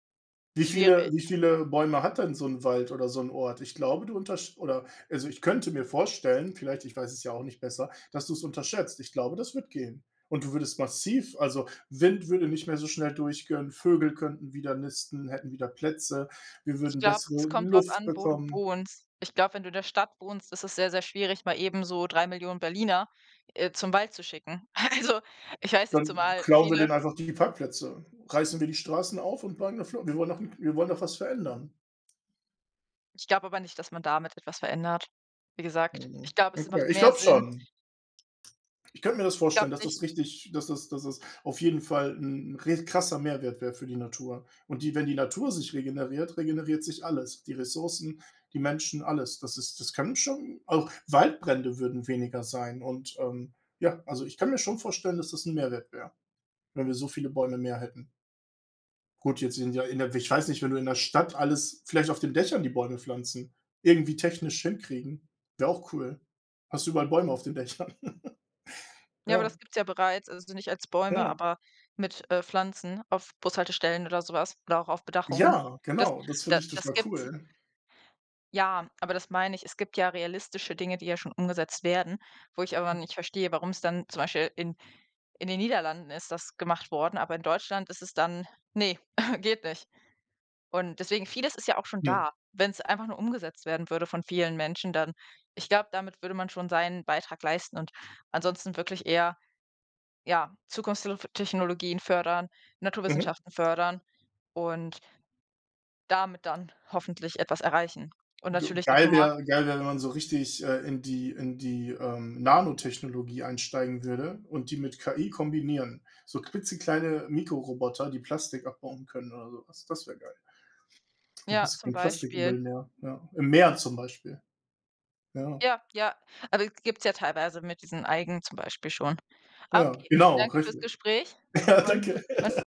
Wie viele wie Schwierig. viele Bäume hat denn so 'n Wald oder so 'n Ort? Ich glaube, du untersch oder, also ich könnte mir vorstellen, vielleicht, ich weiß es ja auch nicht besser, dass du es unterschätzt. Ich glaube, das wird gehen. Und du würdest massiv also, Wind würde nicht mehr so schnell durchkönnen, Vögel könnten wieder nisten, hätten wieder Plätze, wir Ich würden glaube, es bessere kommt drauf Luft an, wo du bekommen. wohnst. Ich glaube, wenn du in der Stadt wohnst, ist es sehr, sehr schwierig, mal eben so 3.000.000 Berliner, äh, zum Wald zu schicken. Also, ich weiß nicht, Dann zumal klauen wir viele denen einfach die Parkplätze. Reißen wir die Straßen auf und bleiben. [unintelligible] Wir wollen doch hm, wir wollen doch was verändern. Ich glaube aber nicht, dass man damit etwas verändert. Wie gesagt, Mhm, ich glaube, es okay. macht Ich mehr glaube Sinn schon. Ich könnte mir das Ich glaube vorstellen, dass nicht. das richtig dass das dass das auf jeden Fall 'n 'n re krasser Mehrwert wäre für die Natur. Und die wenn die Natur sich regeneriert, regeneriert sich alles. Die Ressourcen, die Menschen, alles. Das ist das kann schon, auch Waldbrände würden weniger sein. Und, ähm, ja, also, ich kann mir schon vorstellen, dass das 'n Mehrwert wäre, wenn wir so viele Bäume mehr hätten. Gut, jetzt sind ja in der ich weiß nicht, wenn du in der Stadt alles vielleicht auf den Dächern die Bäume pflanzen, irgendwie technisch hinkriegen, wäre auch cool. Hast du überall Bäume auf den Dächern. Ja, aber Ja. das gibt's ja bereits, also nicht als Bäume, Ja. aber mit, äh, Pflanzen auf Bushaltestellen oder so was oder auch auf Bedachungen. Ja, Das genau. Das finde da ich das total gibt's. cool. Ja, aber das meine ich, es gibt ja realistische Dinge, die ja schon umgesetzt werden, wo ich aber Hm. nicht verstehe, warum's dann zum Beispiel in in den Niederlanden ist das gemacht worden, aber in Deutschland ist es dann: „Ne, geht nicht.“ Und deswegen vieles ist ja auch schon Hm. da. Wenn's einfach nur umgesetzt werden würde von vielen Menschen, dann ich glaube, damit würde man schon seinen Beitrag leisten und ansonsten wirklich eher, ja, Zukunftstelf Technologien fördern, Mhm. Naturwissenschaften fördern und damit dann hoffentlich etwas erreichen. Und G natürlich geil diplomatisch wäre geil wäre, wenn man so richtig, äh, in die in die, ähm, Nanotechnologie einsteigen würde und die mit KI kombinieren. So klitzekleine Mikroroboter, die Plastik abbauen können oder sowas. Das wäre geil. Dann Ja, hast du zum kein Beispiel. Plastikmüll mehr, ja. Im Meer zum Beispiel. Ja. Ja, ja, also, es gib's ja teilweise mit diesen Algen zum Beispiel schon. Ja, Okay, genau, danke fürs richtig. Gespräch Ja, und danke. man